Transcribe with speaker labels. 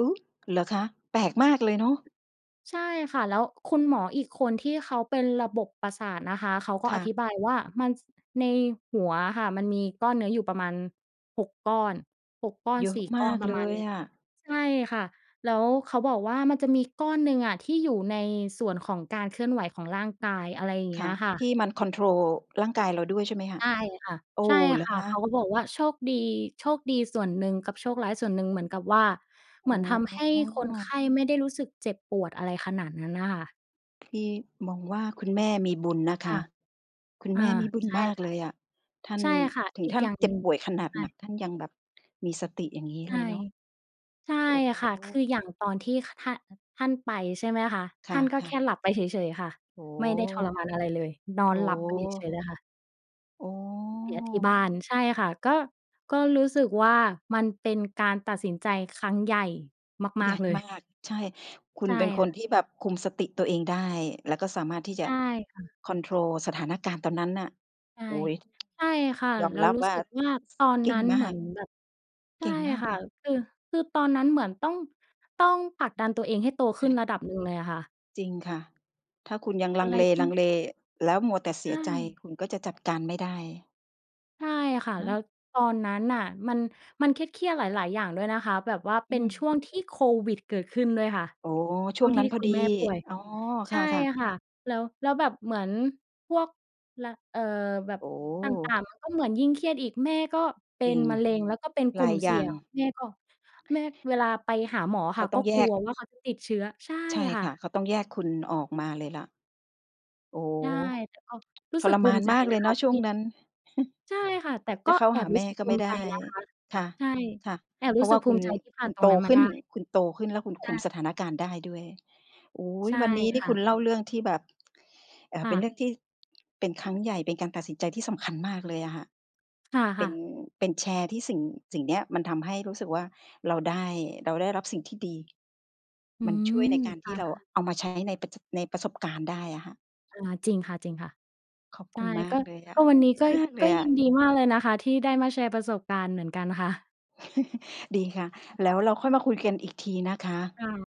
Speaker 1: อุ๊ย! เหรอคะ? แปลกมากเลยเนาะ
Speaker 2: ใช่ค่ะ แล้วคุณหมออีกคนที่เขาเป็นระบบประสาทนะคะ เขาก็
Speaker 1: ค
Speaker 2: อ
Speaker 1: ่ะ
Speaker 2: ธิบายว่ามัน ส ในหัวค่ะ มันมีก้อนเนื้ออยู่ประมาณ 6 ก้อน 6 ก้อน
Speaker 1: เยอ
Speaker 2: ส
Speaker 1: ะ
Speaker 2: ี่
Speaker 1: ม
Speaker 2: ก้อ
Speaker 1: า
Speaker 2: น
Speaker 1: ก
Speaker 2: ประ
Speaker 1: เล
Speaker 2: มาณ
Speaker 1: ย
Speaker 2: เนี้ย
Speaker 1: อะ
Speaker 2: ใช่ค่ะ แล้วเขาบอกว่ามันจะมีก้อนหนึ่งอะที่อยู่ในส่วนของการเคลื่อนไหวของร่างกาย อะไรอย่างเง
Speaker 1: ค
Speaker 2: ี้
Speaker 1: ่
Speaker 2: ย
Speaker 1: ะ
Speaker 2: ค่
Speaker 1: ท
Speaker 2: ะ
Speaker 1: ี่มันคอนโทรลร่างกายเราด้วยใช่ไหมคะ?
Speaker 2: ใช่ค่ะ
Speaker 1: โอ้
Speaker 2: ใช่
Speaker 1: เหรอ
Speaker 2: ค่
Speaker 1: ค
Speaker 2: ะ
Speaker 1: ะ?
Speaker 2: เขาก็บอกว่าโชคดี โชคดีส่วนหนึ่งกับโชคร้ายส่วนหนึ่งเหมือนกับว่า
Speaker 1: อ
Speaker 2: เหม
Speaker 1: ๋อ
Speaker 2: ือนทำให้คนไข้ไม่ได้รู้สึกเจ็บปวด อะไรขนาดนั้นน่ะค่ะ
Speaker 1: พี่มองว่าคุณแม่มีบุญนะค
Speaker 2: ค่
Speaker 1: ะ
Speaker 2: ะ
Speaker 1: คุณ
Speaker 2: อ่
Speaker 1: แ
Speaker 2: า
Speaker 1: ม่มีบุญ
Speaker 2: ใช่
Speaker 1: มาก
Speaker 2: ค่
Speaker 1: เ
Speaker 2: ะ
Speaker 1: ลยอะ ท่าน
Speaker 2: ใช่ค่ะ
Speaker 1: ถึ
Speaker 2: อ
Speaker 1: ง
Speaker 2: ีก
Speaker 1: ท่าน
Speaker 2: อย่าง
Speaker 1: เจ
Speaker 2: ห
Speaker 1: ็
Speaker 2: นึ
Speaker 1: บ
Speaker 2: ่ง
Speaker 1: ป่วยขนา
Speaker 2: ใ
Speaker 1: ด
Speaker 2: ช
Speaker 1: หนั
Speaker 2: ่
Speaker 1: กท่านยังแบบมีสติอย่างงี้
Speaker 2: ใช
Speaker 1: เล
Speaker 2: ่
Speaker 1: ยเนาะ
Speaker 2: ใช่
Speaker 1: โอ้โ
Speaker 2: ค่ะ คือ
Speaker 1: ฮ
Speaker 2: อย่างตอนที่ ค ท่าน ท่านไป ใช่ไหมคะ
Speaker 1: ค
Speaker 2: ท่านก็แ
Speaker 1: ่ะ
Speaker 2: ค
Speaker 1: ๆ
Speaker 2: ่หลับไปเฉย ๆ ค่ะ
Speaker 1: โอ้
Speaker 2: ไม่ได้ท
Speaker 1: โฮ
Speaker 2: รมานอะไรเลยนอ
Speaker 1: โ
Speaker 2: นหลับไปเฉย ๆ เ
Speaker 1: ถ
Speaker 2: ลยค่ะ
Speaker 1: โอ้
Speaker 2: เสียที่บ้าน ใช่ค่ะ ก็ ก็รู้สึกว่า มันเป็นการตัดสินใจครั้งใหญ่ม
Speaker 1: ใหญ
Speaker 2: าก
Speaker 1: ่
Speaker 2: ๆ เลย
Speaker 1: มาก ใช่ คุ
Speaker 2: ใ
Speaker 1: ณ
Speaker 2: ช่
Speaker 1: เป็นค
Speaker 2: ค่ะ
Speaker 1: นที่แบบคุมสติตัวเองได้ แล้วก็สามารถที่จ
Speaker 2: ใช
Speaker 1: ะ
Speaker 2: ่ค่ะ
Speaker 1: คอนโทรลสถานการณ์ตอนนั้นน่ะ
Speaker 2: ใช่
Speaker 1: โอ๊ย
Speaker 2: ใช่ค่ะ
Speaker 1: ยอม
Speaker 2: แล้ว
Speaker 1: รับ
Speaker 2: รู้
Speaker 1: ว่
Speaker 2: ส
Speaker 1: า
Speaker 2: ึกว่า ตอน
Speaker 1: เก
Speaker 2: น
Speaker 1: ่
Speaker 2: ั
Speaker 1: ง
Speaker 2: ้น
Speaker 1: ม
Speaker 2: เห
Speaker 1: า
Speaker 2: มือ
Speaker 1: ก
Speaker 2: นแบบ ใช
Speaker 1: เก
Speaker 2: ่
Speaker 1: ่งมาก
Speaker 2: ค่ะ
Speaker 1: อะ
Speaker 2: คือ คือตอนนั้นเหมือนต้อง ต้องผลักดันตัวเองให้โต
Speaker 1: ใช
Speaker 2: ขึ้น
Speaker 1: ่
Speaker 2: ระดับหนึ่งเลยอะค่ะ
Speaker 1: จริงค่ะ ถ้าคุณยังล
Speaker 2: อ
Speaker 1: ั
Speaker 2: ะ
Speaker 1: ง
Speaker 2: ไรที่
Speaker 1: เล ๆ แล้วมัวแต่เส
Speaker 2: ใช
Speaker 1: ียใจ
Speaker 2: ่
Speaker 1: คุณก็จะจัดการไม่ได้
Speaker 2: ใช่ค่ะ
Speaker 1: เน
Speaker 2: แล
Speaker 1: า
Speaker 2: ้
Speaker 1: ะ
Speaker 2: ว ตอนนั้นน่ะ มัน มันเครียด ๆ หลาย ๆ อย่างด้วยนะคะ แบบว่าเ
Speaker 1: อ
Speaker 2: ป
Speaker 1: ื
Speaker 2: ็นช
Speaker 1: ม
Speaker 2: ่วงที่โควิดเกิดขึ้นด้วยค่ะ
Speaker 1: อ๋อ
Speaker 2: ช
Speaker 1: ช
Speaker 2: ่
Speaker 1: ่
Speaker 2: ว
Speaker 1: ว
Speaker 2: ง
Speaker 1: ง
Speaker 2: ท
Speaker 1: น
Speaker 2: ี
Speaker 1: ั้
Speaker 2: ่
Speaker 1: นพอ
Speaker 2: คุ
Speaker 1: ด
Speaker 2: ณ
Speaker 1: ี
Speaker 2: แม่ป่วย
Speaker 1: อ๋อ
Speaker 2: ใ
Speaker 1: ค
Speaker 2: ช่
Speaker 1: ่ะ ๆ
Speaker 2: ค่ะ แล้ว แล้วแบบเหมือนพวก ล เอ่อ แบบ
Speaker 1: โอ
Speaker 2: ต่า
Speaker 1: ้
Speaker 2: ง ๆ ก็เหมือนยิ่งเครียดอีก แม่ก็เป็
Speaker 1: จร
Speaker 2: น
Speaker 1: ิง
Speaker 2: มะเร็ง แล้วก็เป็นก
Speaker 1: ห
Speaker 2: ล
Speaker 1: ล
Speaker 2: ุ
Speaker 1: า
Speaker 2: ่ม
Speaker 1: ย
Speaker 2: เ
Speaker 1: อย
Speaker 2: สี
Speaker 1: ่
Speaker 2: ่
Speaker 1: า
Speaker 2: ย
Speaker 1: ง
Speaker 2: ง แม่ก็ แม่เวลาไปหาหมออะ
Speaker 1: เข
Speaker 2: ค่
Speaker 1: า
Speaker 2: ะ
Speaker 1: ต้
Speaker 2: ก็
Speaker 1: องแย
Speaker 2: กลั
Speaker 1: ก
Speaker 2: วว่าเขาจะติดเชื้อ ใช่
Speaker 1: ใช่
Speaker 2: ค่
Speaker 1: ค่ะ เ
Speaker 2: ะ
Speaker 1: ขาต้องแยกคุณออกมาเลยล่ะ โอ้
Speaker 2: ใช่ แต่เอา รู้
Speaker 1: ท
Speaker 2: สึ
Speaker 1: ร
Speaker 2: กภ
Speaker 1: ม
Speaker 2: ู
Speaker 1: า
Speaker 2: ม
Speaker 1: น
Speaker 2: ิใจ
Speaker 1: มากเ
Speaker 2: น
Speaker 1: ล
Speaker 2: ะ
Speaker 1: ยเ
Speaker 2: ค
Speaker 1: นา
Speaker 2: ะ
Speaker 1: ะช
Speaker 2: ท
Speaker 1: ่ว
Speaker 2: ี
Speaker 1: ง
Speaker 2: ่
Speaker 1: นั้น
Speaker 2: ใช่ค่ะ แต่
Speaker 1: จ
Speaker 2: ก
Speaker 1: ะ
Speaker 2: ็
Speaker 1: เข้า
Speaker 2: แอ
Speaker 1: หา
Speaker 2: บ
Speaker 1: แ
Speaker 2: รู้
Speaker 1: ม่
Speaker 2: สึก
Speaker 1: ก็
Speaker 2: ภู
Speaker 1: ไม่
Speaker 2: มิ
Speaker 1: ได
Speaker 2: ใจ
Speaker 1: ้
Speaker 2: นะคะ
Speaker 1: ค่ะ
Speaker 2: ใช่ แอบ
Speaker 1: ๆ เพ
Speaker 2: รู
Speaker 1: รา
Speaker 2: ้
Speaker 1: ะว
Speaker 2: สึ
Speaker 1: ่
Speaker 2: ก
Speaker 1: า
Speaker 2: ภ
Speaker 1: ค
Speaker 2: ู
Speaker 1: ุณ
Speaker 2: มิใจที่ผ
Speaker 1: ค
Speaker 2: ่า
Speaker 1: ุ
Speaker 2: น
Speaker 1: ณ
Speaker 2: ตร
Speaker 1: โต
Speaker 2: งนั้นม
Speaker 1: ข
Speaker 2: า
Speaker 1: ึ้
Speaker 2: ได
Speaker 1: น
Speaker 2: ้
Speaker 1: คุณโตขึ้นแล้วคุณ
Speaker 2: ใ
Speaker 1: ค
Speaker 2: ช
Speaker 1: ุ
Speaker 2: ่
Speaker 1: มสถานการณ์ได้ด้วย โอ้โฮ
Speaker 2: ใช่
Speaker 1: วันนี้นี
Speaker 2: ค
Speaker 1: ่
Speaker 2: ่
Speaker 1: คุ
Speaker 2: ะ
Speaker 1: ณเล่าเรื่องที่แบบ เอ่อ
Speaker 2: ค
Speaker 1: เ
Speaker 2: ่
Speaker 1: ป็นเรื
Speaker 2: ะ
Speaker 1: ่องที่ เป็นครั้งใหญ่เป็นการตัดสินใจที่สำคัญมากเลยอะค่ะ
Speaker 2: ค
Speaker 1: เป็
Speaker 2: ่ะ
Speaker 1: น
Speaker 2: ๆ
Speaker 1: เป็นแชร์ที่สิ่ง สิ่งเนี้ยมันทำให้รู้สึกว่าเราได้ เราได้รับสิ่งที่ดี
Speaker 2: อื
Speaker 1: มันช่ว
Speaker 2: ม
Speaker 1: ยในการท
Speaker 2: อ
Speaker 1: ี่เรา
Speaker 2: า
Speaker 1: เอามาใช้ในประ ช ในประสบการณ์ได้อะค่ะ
Speaker 2: อา จริงค่ะ
Speaker 1: ขอบ
Speaker 2: ๆ ใ
Speaker 1: ค
Speaker 2: ช
Speaker 1: ุ
Speaker 2: ่
Speaker 1: ณมา
Speaker 2: ก็
Speaker 1: กเลยอะ
Speaker 2: ก็
Speaker 1: โอ้
Speaker 2: วันนี
Speaker 1: ด
Speaker 2: ้
Speaker 1: ี
Speaker 2: ก็
Speaker 1: มากเล
Speaker 2: ก็
Speaker 1: ยอ
Speaker 2: ยิ
Speaker 1: ะ
Speaker 2: นดีมากเลยนะคะที่ได้มาแชร์ประสบการณ์เหมือนกัน ค่ะ
Speaker 1: ดีค่ะ แล้วเราค่อยมาคุยกันอีกทีนะคะ
Speaker 2: ค่ะ